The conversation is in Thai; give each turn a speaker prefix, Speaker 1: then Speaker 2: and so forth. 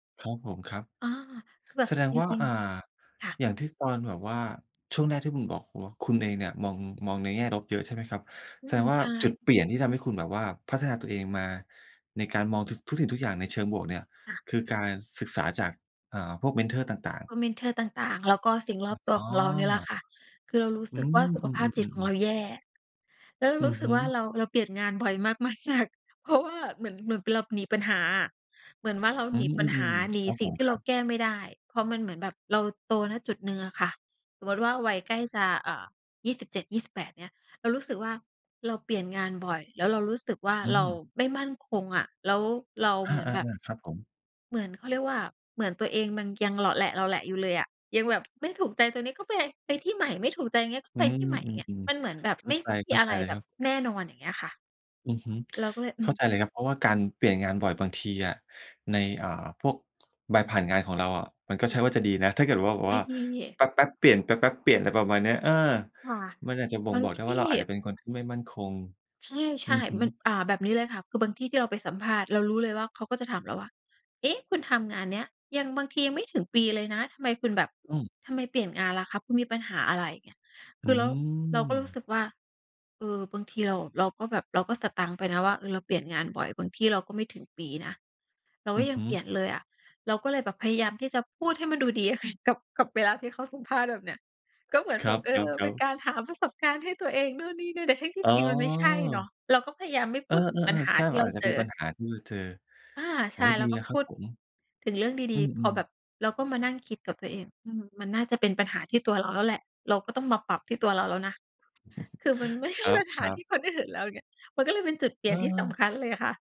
Speaker 1: ครับผม ครับ
Speaker 2: อ๋อ คือแบ
Speaker 1: แ
Speaker 2: บ
Speaker 1: สดง
Speaker 2: จ
Speaker 1: ว่า
Speaker 2: ริง
Speaker 1: อ่า
Speaker 2: ๆ ค่ะ
Speaker 1: อย่างที่ตอนแบบว่า ช่วงแรกที่คุณบอกผมว่า คุณเองเนี่ยมอง มองในแง่ลบเยอะใช่ไหมครับ
Speaker 2: อื
Speaker 1: แสด
Speaker 2: ม
Speaker 1: งว่
Speaker 2: ใ
Speaker 1: า
Speaker 2: ช
Speaker 1: จุ
Speaker 2: ่
Speaker 1: ดเปลี่ยนที่ทำให้คุณแบบว่าพัฒนา ตัวเองมา ในการมองทุส ทุกสิ่งทุก อย่างในเชิงบวกเนี่ย
Speaker 2: ค่ะ
Speaker 1: คือการศึกษาจาก อ่า พวกเมนทอร์ต่าง
Speaker 2: โอ
Speaker 1: ๆ
Speaker 2: ้ เมนทอร์ต่าง ๆ แล้วก็สิ่งร
Speaker 1: อ
Speaker 2: อบตัว
Speaker 1: อ๋อ
Speaker 2: ของเรา นี่แหละค่ะ คือเรา รู้
Speaker 1: อื
Speaker 2: สึกว่า
Speaker 1: อ
Speaker 2: สุข
Speaker 1: อื
Speaker 2: ภาพจิตของ
Speaker 1: อ
Speaker 2: เ
Speaker 1: ๆ
Speaker 2: ร
Speaker 1: ๆ ๆ
Speaker 2: าแย่ แล้วเรา
Speaker 1: อื
Speaker 2: รู
Speaker 1: อ
Speaker 2: ้สึ
Speaker 1: ฮ
Speaker 2: ก
Speaker 1: ึ
Speaker 2: ว่า เรา เราเปลี่ยนงานบ่อย มาก ๆ เพราะว่า เหมือน เหมือน ป เราหนีปัญหาอะ เหมือนว่า เรา
Speaker 1: อื
Speaker 2: หนีปัญหา
Speaker 1: อ ๆ
Speaker 2: หนี
Speaker 1: ๆ ครับ
Speaker 2: สิ
Speaker 1: ผ
Speaker 2: ่ง
Speaker 1: ม
Speaker 2: ที่
Speaker 1: ค
Speaker 2: เ
Speaker 1: ร
Speaker 2: รา
Speaker 1: ับ
Speaker 2: แก้ ไม่ได้ เพราะมันเหมือนแบบ เราโต ณ จุดหนึ่งอะค่ะ สมมติว่า วัยใกล้จะ เอ่อ 27-28 เงี้ย เรารู้สึกว่า เราเปลี่ยนงานบ่อย แล้วเรารู้สึกว่า
Speaker 1: อื
Speaker 2: เรา
Speaker 1: ม
Speaker 2: ไม่มั่นคงอะ แล้วเรา
Speaker 1: อ
Speaker 2: เหมือน
Speaker 1: า
Speaker 2: แบบ
Speaker 1: ๆ ๆ ครับผม
Speaker 2: เหมือน เขาเรียกว่า เหมือนตัวเองมันยังเหลาะแหละ ๆ อยู่เลยอะ ยังแบบไม่ถูก ใจตรงนี้ก็ไป ไปที่ใหม่ ไม่ถูกใจ เงี้ย ก็
Speaker 1: อื
Speaker 2: ไป
Speaker 1: ม
Speaker 2: ที่ใหม่
Speaker 1: อ
Speaker 2: เงี้ย
Speaker 1: ืม
Speaker 2: มันเหมือนแบ
Speaker 1: ๆ
Speaker 2: บ
Speaker 1: เข้
Speaker 2: ไ
Speaker 1: า
Speaker 2: ม่
Speaker 1: ใจ
Speaker 2: ม
Speaker 1: เข
Speaker 2: ี
Speaker 1: ้า
Speaker 2: อะ
Speaker 1: ใจ
Speaker 2: ไร
Speaker 1: เล
Speaker 2: แ
Speaker 1: ย
Speaker 2: บ
Speaker 1: คร
Speaker 2: บ
Speaker 1: ับ
Speaker 2: แน่นอน อย่างเงี้ยค่ะ
Speaker 1: อือฮึ
Speaker 2: เราก็เลย อ
Speaker 1: เ
Speaker 2: ื
Speaker 1: ข้า
Speaker 2: ม
Speaker 1: ใจเลยครับ เพราะว่าการเปลี่ยนงานบ่อย บางทีอะใน อ่า พวก ใบผ่านงานของเราอะมันก็
Speaker 2: อื
Speaker 1: ใช่
Speaker 2: ม
Speaker 1: ว่าจะดีนะ ถ้าเกิดว่าแบบ
Speaker 2: ไม
Speaker 1: ว
Speaker 2: ่
Speaker 1: ่า
Speaker 2: ดี
Speaker 1: แป๊บ ๆ เปลี่ยน แป๊บ ๆ เปลี่ยน ไรประมาณเนี้ย เออ
Speaker 2: ค่ะ
Speaker 1: มันอาจจะบ่
Speaker 2: บ
Speaker 1: ง
Speaker 2: าง
Speaker 1: บอก
Speaker 2: ท
Speaker 1: ได้ว
Speaker 2: ี
Speaker 1: ่
Speaker 2: ่
Speaker 1: า เราอาจจะเป็นคนที่ไม่มั่นคง
Speaker 2: ใช
Speaker 1: อื
Speaker 2: ่
Speaker 1: อฮึ
Speaker 2: ๆ มัน อ่า แบบนี้เลยค่ะ คือบางที่ที่เราไปสัมภาษณ์ เรารู้เลยว่า เขาก็จะถามเราว่า "เอ๊ะ! คุณทำงานเนี้ย ยัง บางทียังไม่ถึงปีเลยนะ ทำไมคุณแบบ
Speaker 1: อืม
Speaker 2: ทำไมเปลี่ยนงานล่ะครับ? คุณมีปัญหาอะไร?" อย่างเงี้ย
Speaker 1: อ
Speaker 2: คื
Speaker 1: ื
Speaker 2: อเรา เราก็รู้ส
Speaker 1: ม
Speaker 2: ึกว่า เออ บางที เรา เราก็แบบ เราก็สตั๊งไปนะว่า เออ เราเปลี่ยนงานบ่อย บางที่เราก็ไม่ถึงปีนะ เรา
Speaker 1: อ
Speaker 2: ก็
Speaker 1: ือ
Speaker 2: ยั
Speaker 1: ฮ
Speaker 2: ง
Speaker 1: ึ
Speaker 2: เปลี่ยนเลยอะ เราก็เลยแบบพยายามที่จะพูดให้มันดูดีค่ะ กับ กับเวลาที่เขาสัมภาษณ์ แบบเนี้ย ก็เหมือน
Speaker 1: ค
Speaker 2: แ
Speaker 1: ร
Speaker 2: บ
Speaker 1: ั
Speaker 2: บ เออ
Speaker 1: บ
Speaker 2: เป็น
Speaker 1: ๆ ๆ
Speaker 2: การหาประสบการณ์ให้ตัวเอง นู่นนี่นั่น แต่ทั้งที่
Speaker 1: อ๋
Speaker 2: จริงมันไม่ใช่เนา
Speaker 1: อ
Speaker 2: ะ เราก็พยายามไม่
Speaker 1: เ
Speaker 2: พ
Speaker 1: อ
Speaker 2: ู
Speaker 1: อ
Speaker 2: ดถึงปัญห
Speaker 1: ๆ ๆ
Speaker 2: า
Speaker 1: ใช่
Speaker 2: ที่
Speaker 1: มั
Speaker 2: เ
Speaker 1: น
Speaker 2: รา
Speaker 1: อาจจะ
Speaker 2: เจ
Speaker 1: เป็น
Speaker 2: อ
Speaker 1: ปัญหาที่เธอ
Speaker 2: อา ใ
Speaker 1: อ
Speaker 2: ช
Speaker 1: ๋อ
Speaker 2: ่ เร
Speaker 1: ดี
Speaker 2: าก
Speaker 1: แล
Speaker 2: ็
Speaker 1: ้วค
Speaker 2: พ
Speaker 1: รั
Speaker 2: ู
Speaker 1: บ
Speaker 2: ด
Speaker 1: ผม
Speaker 2: ถึงเรื่องดี
Speaker 1: อื
Speaker 2: ๆ พอ
Speaker 1: อ
Speaker 2: แบ
Speaker 1: ๆ
Speaker 2: บ เราก็มานั่งคิดกับตัวเอง อืม มันน่าจะเป็นปัญหาที่ตัวเราแล้วแหละ เราก็ต้องมาปรับที่ตัวเราแล้วนะ คือมัน ไม่ใช่
Speaker 1: คร
Speaker 2: ปัญหา
Speaker 1: ั
Speaker 2: ท
Speaker 1: บ
Speaker 2: ี
Speaker 1: ๆ
Speaker 2: ่คนอื่นแล้วไง มันก็เลยเป็นจุดเปลี่ยนที่สำค
Speaker 1: เออ
Speaker 2: ัญเลยค่ะ